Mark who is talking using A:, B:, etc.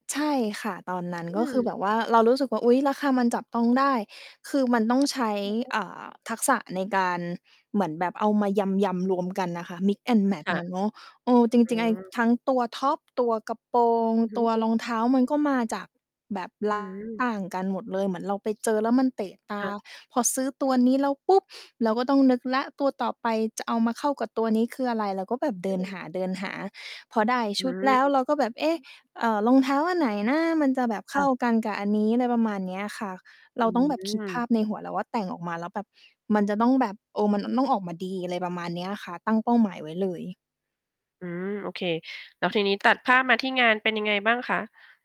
A: ใช่ค่ะ ตอน นั้น
B: อื
A: ก็คือแ
B: ม
A: บบว่าเรารู้สึกว่า "อุ๊ย! ราคามันจับต้องได้" คือมันต้อง ใช้
B: โอ้โฮ
A: อ่า ทักษะในการเหมือนแบบเอามายำ ๆ รวมกันน่ะค่ะ mix and
B: ค
A: match
B: ่ะ
A: น่ะเนาะ เอ่อ จ
B: อื
A: ริง ๆ ไอ
B: ม
A: ทั้งตัวท็อป ตัวกระโปรง
B: อือฮึ
A: ตัว
B: อือ
A: รองเท้า มันก็มาจากแบบ
B: อื
A: ร่
B: ม
A: าง กันหมดเลย เหมือนเราไปเจอแล้วมันเตะต
B: ค
A: า
B: ่ะ
A: พอซื้อตัวนี้แล้วปุ๊บ เราก็ต้องนึกแล้ว "ตัวต่อไปจะเอามาเข้ากับตัวนี้คืออะไร?" เราก็แบบเด
B: อ
A: ิ
B: ื
A: น
B: อ
A: หา ๆ พอได้
B: อื
A: ชุดแล
B: ม
A: ้ว เราก็แบบ "เอ๊ะ! เอ่อ รองเท้าอันไหนนะ มันจะแบบเ
B: ค
A: ข
B: ่
A: ้า
B: ะ
A: กันกับอันนี้?" อะไรประมาณเนี้ยค่ะ
B: อ
A: เ
B: ื
A: ราต้องแบบคิดภ
B: ม
A: าพในหัวเราว่า แต่งออกมาแล้วแบบ มันจะต้องแบบ เอ่อ มันต้องออกมาดี อะไรประมาณเนี้ยอะค่ะ ตั้งเป้าหมายไว้เลย
B: อืม โอเค แล้วทีนี้ ตัดภาพมาที่งานเป็นยังไงบ้างคะ?